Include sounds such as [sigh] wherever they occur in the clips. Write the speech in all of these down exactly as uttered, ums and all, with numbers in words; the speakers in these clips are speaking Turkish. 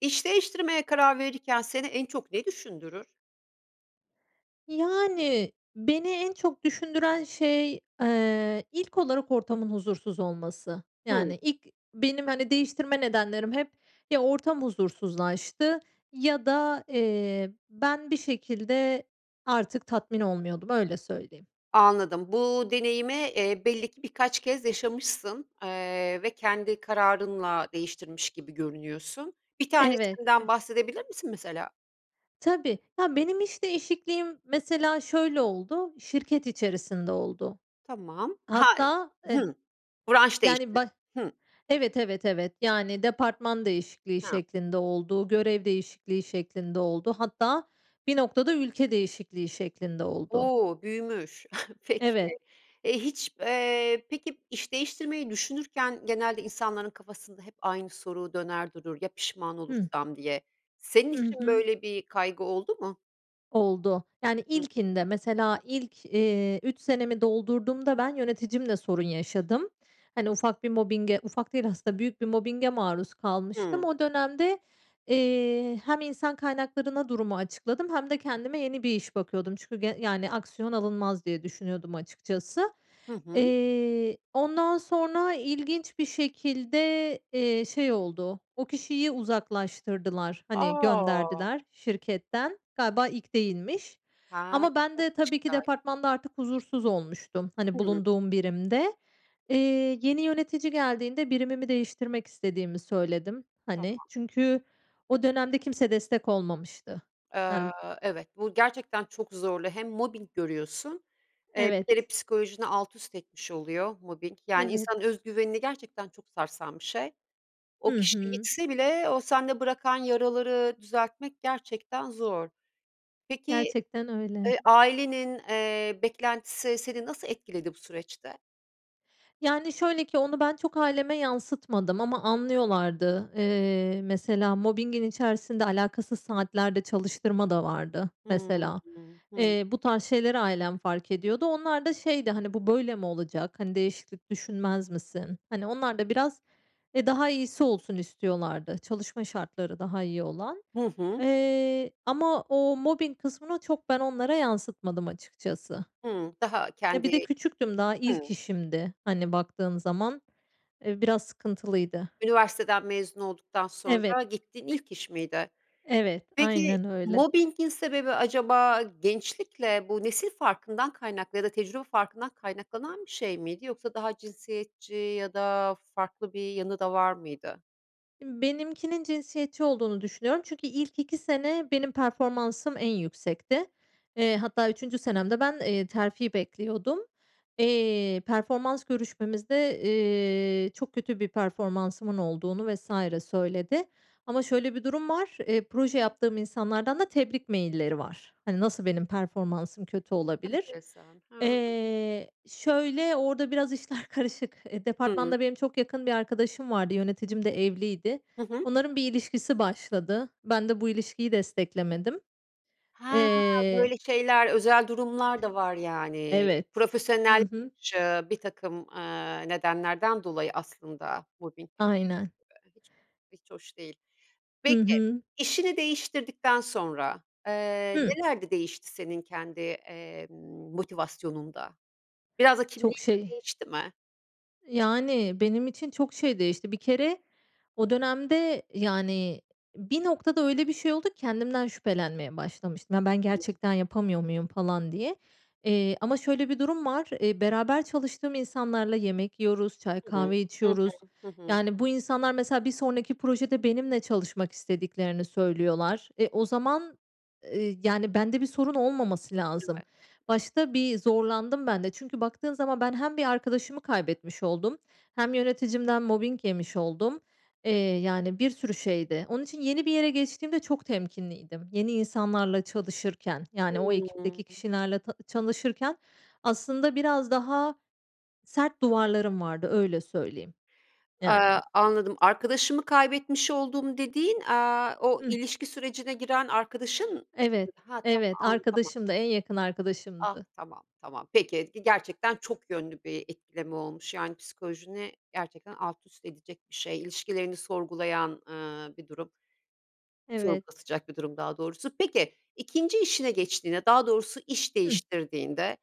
İş değiştirmeye karar verirken seni en çok ne düşündürür? Yani, beni en çok düşündüren şey, eee, ilk olarak ortamın huzursuz olması. Hımm. Yani, ilk benim, hani, değiştirme nedenlerim hep ya ortam huzursuzlaştı ya da, eee, ben bir şekilde artık tatmin olmuyordum, öyle söyleyeyim. Anladım, bu deneyimi, eee, belli ki birkaç kez yaşamışsın, eee, ve kendi kararınla değiştirmiş gibi görünüyorsun. Bir Evet, ev tanesinden bahsedebilir misin, mesela? Tabii. Ya, benim iş değişikliğim, mesela, şöyle oldu, şirket içerisinde oldu. Tamam. Ha Hatta eh Hı. Branş yani, değişti. bah Hı. evet, evet, evet, yani, departman değişikliği Ha. şeklinde oldu, görev değişikliği şeklinde oldu. Hatta bir noktada ülke değişikliği şeklinde oldu. O, büyümüş. Peki, Evet. e, hiç, eee, peki, iş değiştirmeyi düşünürken, genelde insanların kafasında hep aynı soru döner durur, ya, pişman Hıh. olursam, diye senin Hı için hı. böyle bir kaygı oldu mu? Oldu. Yani, ilkinde mesela ilk, eee, üç senemi doldurduğumda ben yöneticimle sorun yaşadım. Hani, ufak bir mobbinge, ufak değil aslında büyük bir mobbinge maruz kalmıştım. Hıı. O dönemde, eee, hem insan kaynaklarına durumu açıkladım hem de kendime yeni bir iş bakıyordum. Çünkü ge yani, aksiyon alınmaz, diye düşünüyordum açıkçası. Hı hı. Eee, ondan sonra ilginç bir şekilde, eee, şey oldu, o kişiyi uzaklaştırdılar. Hani, A! gönderdiler şirketten. Galiba ilk değilmiş Ha. ama ben de tabii ki [unintelligible] departmanda artık huzursuz olmuştum. Hani, Hıı. bulunduğum birimde. Eee, yeni yönetici geldiğinde birimimi değiştirmek istediğimi söyledim, hani, Tamam. çünkü o dönemde kimse destek olmamıştı. Eee, Yani evet bu gerçekten çok zorlu hem mobbing görüyorsun, eee, bir kere Evet. psikolojini alt üst etmiş oluyor mobbing, yani, insanın Evet. özgüvenini gerçekten çok sarsan bir şey. O Hı kişi hı. gitse bile o sende bırakan yaraları düzeltmek, gerçekten zor. Peki, Gerçekten öyle. eee, ailenin, eee, beklentisi seni nasıl etkiledi bu süreçte? Yani, şöyle ki onu ben çok aileme yansıtmadım ama anlıyorlardı. Eee, mesela mobbingin içerisinde alakasız saatlerde çalıştırma da vardı, Hıı, mesela. hıh. Eee, bu tarz şeyleri ailem fark ediyordu. Onlar da şeydi, hani, bu böyle mi olacak? Hani, değişiklik düşünmez misin? Hani, onlar da biraz, e, daha iyisi olsun istiyorlardı. Çalışma şartları daha iyi olan, Hı hı. eee, ama o mobbing kısmını çok ben onlara yansıtmadım açıkçası. Hıı. Daha Ya, bir de kendi küçüktüm daha ilk Hıı. işimdi, hani, baktığın zaman. Eee, biraz sıkıntılıydı. Üniversiteden mezun olduktan Evet. sonra gittiğin ilk iş miydi? Evet, Peki, aynen öyle. mobbing'in sebebi acaba gençlikle bu nesil farkından kaynaklı ya da tecrübe farkından kaynaklanan bir şey miydi yoksa daha cinsiyetçi ya da farklı bir yanı da var mıydı? Imm, benimkinin cinsiyetçi olduğunu düşünüyorum çünkü ilk iki sene benim performansım en yüksekti. Eee, hatta üçüncü senemde ben, eee, terfi bekliyordum. Eee, performans görüşmemizde, eee, çok kötü bir performansımın olduğunu vs. söyledi ama şöyle bir durum var. Eee, proje yaptığım insanlardan da tebrik mailleri var. Hani, nasıl benim performansım kötü olabilir? Enteresan. Ha. Eee, şöyle orada biraz işler karışık. Eee, Hıı. departmanda benim çok yakın bir arkadaşım vardı. Yöneticim de evliydi. Hı hı. Onların bir ilişkisi başladı. Ben de bu ilişkiyi desteklemedim. Ha, Eee böyle şeyler, özel durumlar da var, yani. Evet. Hı Profesyonel hı. şı birtakım, eee, nedenlerden dolayı aslında mobbing Aynen. [unintelligible] hiç hoş değil. Hı Peki, hı. işini değiştirdikten sonra, eee, Hı. neler de değişti senin kendi, emm, motivasyonunda? Biraz da kimliğin Çok de şey. değişti mi? Yani, benim için çok şey değişti. Bir kere o dönemde, yani, bir noktada öyle bir şey oldu ki kendimden şüphelenmeye başlamıştım. "Ya, ben gerçekten yapamıyor muyum?" falan diye. Eee, ama şöyle bir durum var, eee, beraber çalıştığım insanlarla yemek yiyoruz, çay, Hı hı. kahve Hı hı. içiyoruz. Hı hı. Yani, bu insanlar, mesela, bir sonraki projede benimle çalışmak istediklerini söylüyorlar, e, o zaman, eee, yani, bende bir sorun olmaması lazım. [unintelligible] Başta bir zorlandım, bende. Çünkü baktığın zaman ben hem bir arkadaşımı kaybetmiş oldum hem yöneticimden mobbing yemiş oldum. Eee, yani, bir sürü şeydi. Onun için yeni bir yere geçtiğimde çok temkinliydim. Yeni insanlarla çalışırken, yani, o ekipteki Hımm. kişilerle ta çalışırken aslında biraz daha sert duvarlarım vardı. Öyle söyleyeyim, Eee, yani. anladım. Arkadaşımı kaybetmiş oldum dediğin, eee, o Hıh. ilişki sürecine giren arkadaşın, Evet. ha, tamam, Evet, an tamam. arkadaşımdı, en yakın Ah, arkadaşımdı. tamam, tamam. Peki, gerçekten çok yönlü bir etkileme olmuş, yani, psikolojini gerçekten alt üst edecek bir şey, ilişkilerini sorgulayan, eee, bir durum. Evet. Sorgulatacak bir durum, daha doğrusu. Peki, ikinci işine geçtiğinde, daha doğrusu iş Hıh. değiştirdiğinde,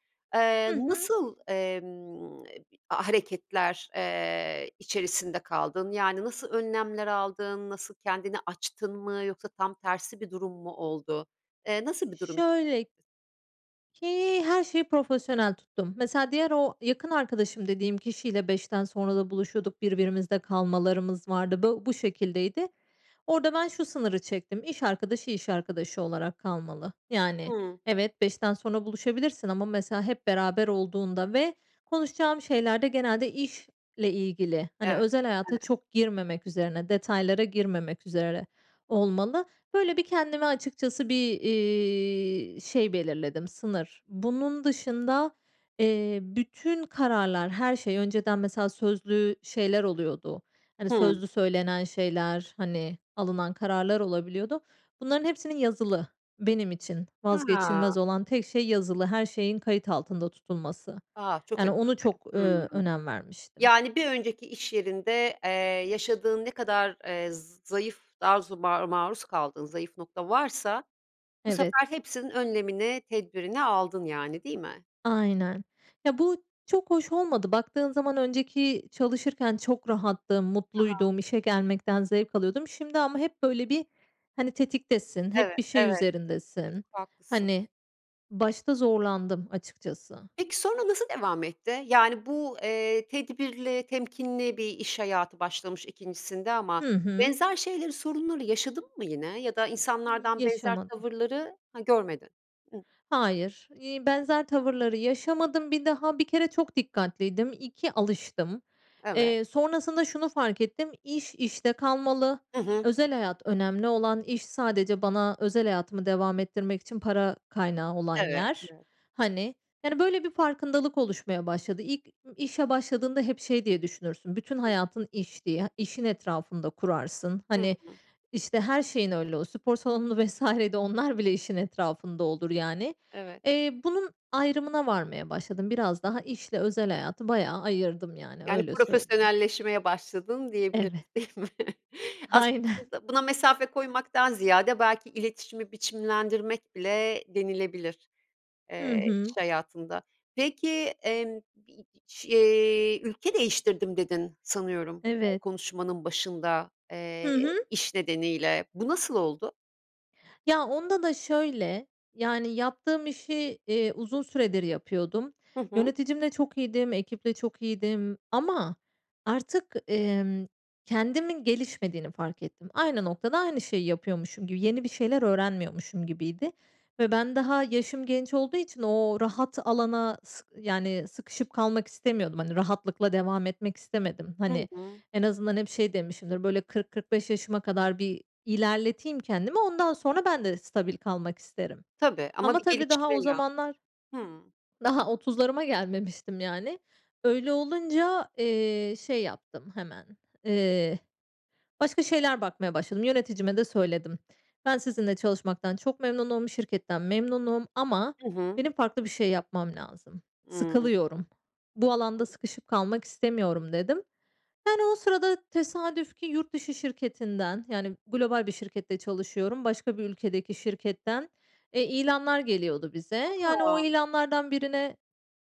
Hı eee, hı. nasıl, emm, hareketler, eee, içerisinde kaldın? Yani, nasıl önlemler aldın? Nasıl, kendini açtın mı yoksa tam tersi bir durum mu oldu? Eee, nasıl bir durum Şöyle [unintelligible] ki, her şeyi profesyonel tuttum. Mesela, diğer o yakın arkadaşım dediğim kişiyle beşten sonra da buluşuyorduk, birbirimizde kalmalarımız vardı. Bu bu şekildeydi. Orada ben şu sınırı çektim, iş arkadaşı, iş arkadaşı olarak kalmalı. Yani, Hımm. evet, beşten sonra buluşabilirsin ama, mesela, hep beraber olduğunda ve konuşacağım şeylerde genelde iş ile ilgili, hani, Evet, özel hayata [unintelligible] çok girmemek üzerine, detaylara girmemek üzere olmalı. Böyle, bir kendime açıkçası bir, iii, şey belirledim, sınır. Bunun dışında, eee, bütün kararlar, her şey önceden, mesela, sözlü şeyler oluyordu. Hani, Hımm. sözlü söylenen şeyler, hani, alınan kararlar olabiliyordu. Bunların hepsinin yazılı, benim için Ha. vazgeçilmez olan tek şey, yazılı her şeyin kayıt altında tutulması. A! Çok Yani, önemli. onu çok, ııı, Hımm. önem vermiştim. Yani, bir önceki iş yerinde, eee, yaşadığın ne kadar, eee, zayıf dazu maru maruz kaldığın zayıf nokta varsa bu Evet. sefer hepsinin önlemini, tedbirini aldın, yani, değil mi? Aynen. Ya, bu çok hoş olmadı. Baktığın zaman, önceki çalışırken çok rahattım, Hı hı. mutluydum, işe gelmekten zevk alıyordum. Şimdi ama hep, böyle, bir, hani, tetiktesin, hep Evet, bir şey evet, çok üzerindesin. haklısın. Hani, başta zorlandım açıkçası. Peki, sonra nasıl devam etti? Yani, bu, eee, tedbirli, temkinli bir iş hayatı başlamış ikincisinde ama Hı hı. benzer şeyleri, sorunları yaşadın mı yine ya da Y insanlardan benzer yaşamadım. tavırları, ha, görmedin. Hayır, eee, benzer tavırları yaşamadım. Bir daha, bir kere çok dikkatliydim. iki, alıştım. Evet. Eee, sonrasında şunu fark ettim, iş işte kalmalı. Hı hı. Özel hayat önemli olan, iş sadece bana özel hayatımı devam ettirmek için para kaynağı olan Evet, yer. evet. Hani, yani, böyle, bir farkındalık oluşmaya başladı. İlk işe başladığında hep şey diye düşünürsün, bütün hayatın iş diye, işin etrafında kurarsın. Hı Hani, hı. işte, her şeyin öyle, o spor salonu vs. de onlar bile işin etrafında olur, yani. Evet. Eee, bunun ayrımına varmaya başladım. Biraz daha işle özel hayatı bayağı ayırdım, yani, Yani, öyle söyleyeyim. profesyonelleşmeye başladın, diyebiliriz, Evet. değil mi? Aynen. Aslında buna mesafe koymaktan ziyade, belki iletişimi biçimlendirmek bile denilebilir, Hı eee, iş hı. hayatında. Peki, emm, bi şi, eee, ülke değiştirdim, dedin, sanıyorum Evet. konuşmanın başında, eee, Hı hı. iş nedeniyle. Bu nasıl oldu? Ya onda da şöyle, yani, yaptığım işi, eee, uzun süredir yapıyordum. Hı hı. Yöneticimle çok iyiydim, ekiple çok iyiydim ama artık, emm, kendimin gelişmediğini fark ettim. Aynı noktada, aynı şeyi yapıyormuşum gibi yeni bir şeyler öğrenmiyormuşum gibiydi ve ben daha yaşım genç olduğu için o rahat alana s yani, sıkışıp kalmak istemiyordum. Hani, rahatlıkla devam etmek istemedim. Hı Hani, hı. en azından hep şey demişimdir, böyle, kırk kırk beş yaşıma kadar bir ilerleteyim kendimi. Ondan sonra ben de stabil kalmak isterim. Tabii ama Ama bir tabii daha gelişme o lazım. zamanlar Hımm. daha otuzlarıma gelmemiştim, yani. Öyle olunca, eee, şey yaptım hemen, eee, başka şeyler bakmaya başladım. Yöneticime de söyledim. Ben sizinle çalışmaktan çok memnunum, şirketten memnunum ama Hı hı. benim farklı bir şey yapmam lazım. Imm. Sıkılıyorum, bu alanda sıkışıp kalmak istemiyorum, dedim. Yani, o sırada tesadüf ki yurt dışı şirketinden, yani, global bir şirkette çalışıyorum, başka bir ülkedeki şirketten, eee, ilanlar geliyordu bize. Yani, o A! ilanlardan birine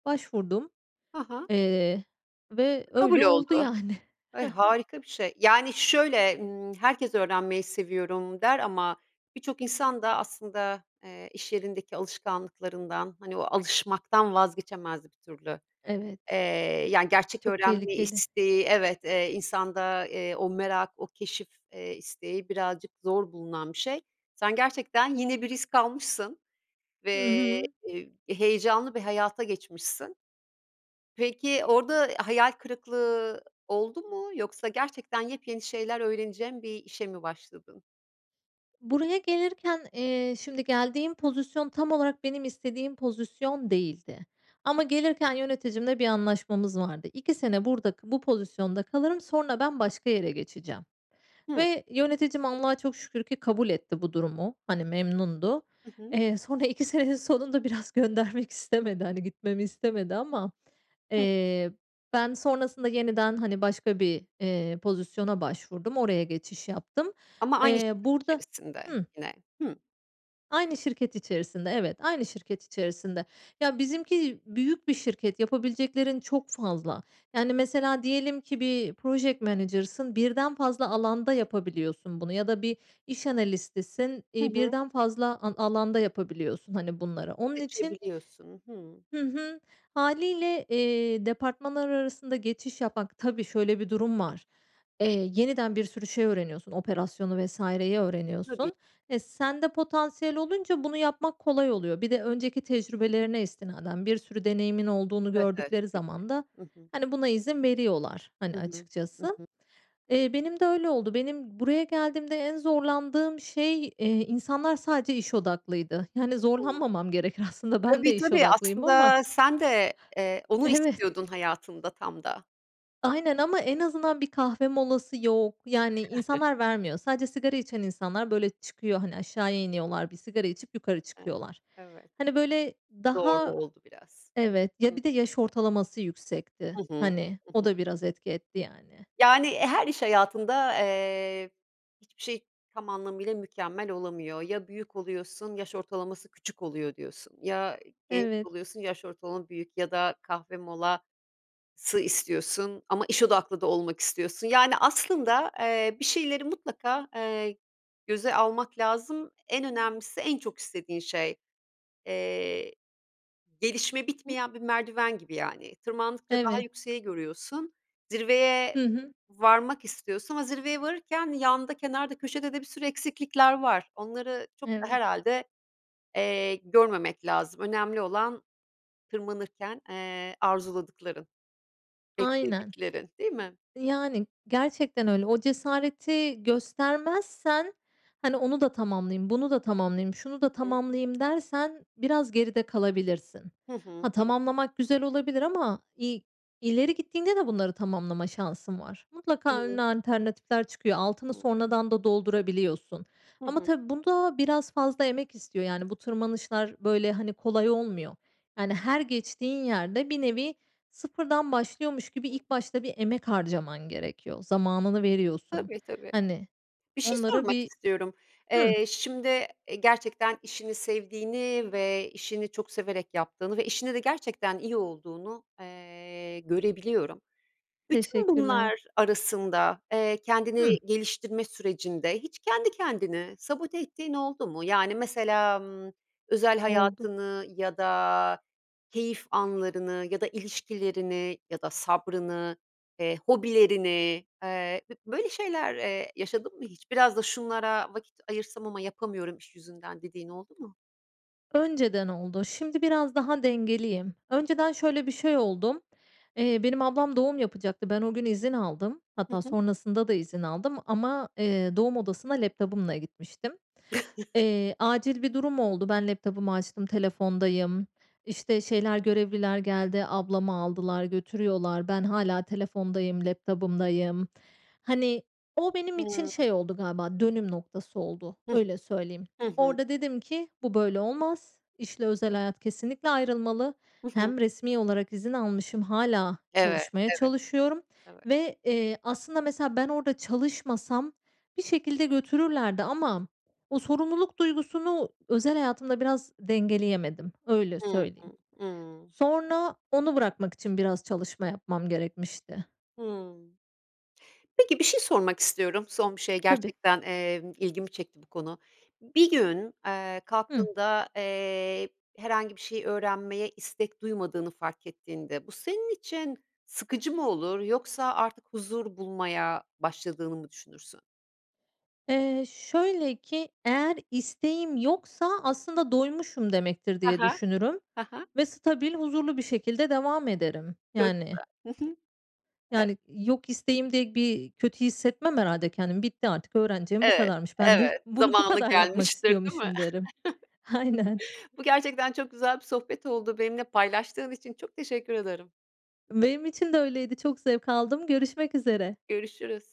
başvurdum. Ha ha. Eee, ve öyle Kabul oldu, oldu. yani. Ay, Hı hı. harika bir şey. Yani, şöyle, ımm, herkes öğrenmeyi seviyorum der ama birçok insan da aslında, eee, iş yerindeki alışkanlıklarından, hani, o alışmaktan vazgeçemez bir türlü. Eee, Evet. yani, gerçek Çok öğrenme tehlikeli. isteği, evet, eee, insanda, eee, o merak, o keşif, eee, isteği birazcık zor bulunan bir şey. Sen gerçekten yeni bir risk almışsın Hı ve, hı. eee, heyecanlı bir hayata geçmişsin. Peki, orda hayal kırıklığı oldu mu yoksa gerçekten yepyeni şeyler öğreneceğin bir işe mi başladın? Buraya gelirken, eee, şimdi geldiğim pozisyon tam olarak benim istediğim pozisyon değildi ama gelirken yöneticimle bir anlaşmamız vardı. iki sene burada k bu pozisyonda kalırım. Sonra ben başka yere geçeceğim Hı. ve yöneticim Allah'a çok şükür ki kabul etti bu durumu. Hani, memnundu. Hı hı. Eee, sonra iki senenin sonunda biraz göndermek istemedi. Hani, gitmemi istemedi ama, Hı. eee, ben sonrasında yeniden, hani, başka bir, eee, pozisyona başvurdum. Oraya geçiş yaptım. Ama aynı Eee, şirket burada içerisinde Hımm. yine. Hı. Aynı şirket içerisinde, evet, aynı şirket içerisinde. Ya, bizimki büyük bir şirket, yapabileceklerin çok fazla. Yani, mesela diyelim ki bir project manager'sın, birden fazla alanda yapabiliyorsun bunu ya da bir iş analistisin, Hı iii, hı. birden fazla a alanda yapabiliyorsun, hani, bunları onun için Seçebiliyorsun. Hımm. Hı hı, hâliyle, eee, departmanlar arasında geçiş yapmak, tabii şöyle bir durum var, eee, yeniden bir sürü şey öğreniyorsun, operasyonu vs.yi Tabii. öğreniyorsun. Eee, sende potansiyel olunca bunu yapmak kolay oluyor. Bir de önceki tecrübelerine istinaden bir sürü deneyimin olduğunu Evet, evet. gördükleri Tabii ki. zaman da, Hı hı. hani, buna izin veriyorlar, hani, Hı hı. Hı açıkçası, hı. eee, benim de öyle oldu. Benim buraya geldiğimde en zorlandığım şey, eee, insanlar sadece iş odaklıydı. Yani, [unintelligible] zorlanmamam gerekir aslında, ben de Tabii, iş tabii. odaklıyım ama Aslında sen de, eee, onu Evet. istiyordun hayatında tam da. Aynen ama en azından bir kahve molası yok. Yani, [chuckles] insanlar vermiyor. Sadece sigara içen insanlar, böyle, çıkıyor, hani, aşağıya iniyorlar. Bir sigara içip yukarı [unintelligible] çıkıyorlar. Evet. Hani, böyle, Doğru, daha oldu biraz. Evet, Hı ya, bir de hı. yaş ortalaması yüksekti. Hı hı. Hani, Hı o hı. da biraz etki etti, yani. Yani, her iş hayatında, eee, hiçbir şey tam anlamıyla mükemmel olamıyor. Ya, büyük oluyorsun, yaş ortalaması küçük oluyor diyorsun, ya, genç Evet. oluyorsun, yaş ortalama büyük ya da kahve molası istiyorsun ama iş odaklı da olmak istiyorsun. Yani, aslında, eee, bir şeyleri mutlaka, eee, göze almak lazım, en önemlisi en çok istediğin şey. Eee, gelişme [unintelligible] bitmeyen bir merdiven gibi, yani. Tırmandıkça daha Evet. yükseği görüyorsun, zirveye Hı hı. varmak istiyorsun ama zirveye varırken yanda, kenarda, köşede de bir sürü eksiklikler var. Onları çok da Evet. herhâlde, eee, görmemek lazım, önemli olan tırmanırken, eee, arzuladıkların, Aynen. beklediklerin, değil mi? Yani, gerçekten öyle. O cesareti göstermezsen, hani, onu da tamamlayayım, bunu da tamamlayayım, şunu Hı da hı. tamamlayayım dersen biraz geride kalabilirsin. Hı Ha, hı. Hı hı. tamamlamak güzel olabilir ama i ileri gittiğinde de bunları tamamlama şansın var. Mutlaka önüne [unintelligible] alternatifler çıkıyor. Altını [unintelligible] sonradan da doldurabiliyorsun Hı ama hı. tabii bu da biraz fazla emek istiyor. Yani, bu tırmanışlar, böyle, hani, kolay olmuyor. Yani, her geçtiğin yerde bir nevi sıfırdan başlıyormuş gibi Hı. ilk başta bir emek harcaman gerekiyor. Zamanını veriyorsun. Tabii, tabii. Hani Bir şey onlara sormak bir istiyorum. Hı. Eee, şimdi, eee, gerçekten işini sevdiğini ve işini çok severek yaptığını ve işinde de gerçekten iyi olduğunu, eee, görebiliyorum. Bütün Teşekkürler. bunlar arasında, eee, kendini Hı. geliştirme sürecinde hiç kendi kendini sabote ettiğin oldu mu? Yani, mesela, ımm, özel Oldu. hayatını ya da keyif anlarını ya da ilişkilerini ya da sabrını, eee, hobilerini, eee, b böyle şeyler, eee, yaşadın mı hiç? Biraz da şunlara vakit ayırsam ama yapamıyorum iş yüzünden, dediğin oldu mu? Önceden oldu, şimdi biraz daha dengeliyim. Önceden şöyle bir şey oldum: eee, benim ablam doğum yapacaktı. Ben o gün izin aldım. Hı Hatta hı. sonrasında da izin aldım ama eee, doğum odasına laptop'ımla gitmiştim. [chuckles] Eee, acil bir durum oldu. Ben laptop'ımı açtım, telefondayım, işte, şeyler, görevliler geldi, ablamı aldılar, götürüyorlar. Ben hâlâ telefondayım, laptop'ımdayım. Hani, o benim için Hımm. şey oldu galiba, dönüm noktası oldu. Hı hı. Öyle söyleyeyim. Hı hı. Orada dedim ki bu böyle olmaz. İşle özel hayat kesinlikle ayrılmalı. Hı hı. Hem resmî olarak izin almışım, hâlâ Evet. çalışmaya Evet. çalışıyorum Evet. ve eee, aslında, mesela, ben orada çalışmasam bir şekilde götürürlerdi ama o sorumluluk duygusunu özel hayatımda biraz dengeleyemedim, öyle Hı hı. söyleyeyim. Hımm. Sonra onu bırakmak için biraz çalışma yapmam gerekmişti. Hımm. Peki, bir şey sormak istiyorum, son bir şey Tabii. gerçekten, eee, ilgimi çekti bu konu. Bir gün, eee, Hı. kalktığında, eee, herhangi bir şey öğrenmeye istek duymadığını fark ettiğinde bu senin için sıkıcı mı olur yoksa artık huzur bulmaya başladığını mı düşünürsün? Eee, şöyle ki, eğer isteğim yoksa aslında doymuşum demektir Ha diye ha. düşünürüm Ha ha. ve stabil, huzurlu bir şekilde devam ederim, Çok yani. güzel. Hı hı. Ev Yani, yok isteğim diye bir kötü hissetmem, herhâlde, kendimi. ”Bitti artık, öğreneceğim bu Evet, kadarmış. Ben de evet, bunu bu zamanı kadar yapmak gelmiştir, değil mi? istiyormuşum,” derim. Aynen. [chuckles] Bu gerçekten çok güzel bir sohbet oldu, benimle paylaştığın için çok teşekkür ederim. Benim için de öyleydi. Çok zevk aldım, görüşmek üzere. Görüşürüz.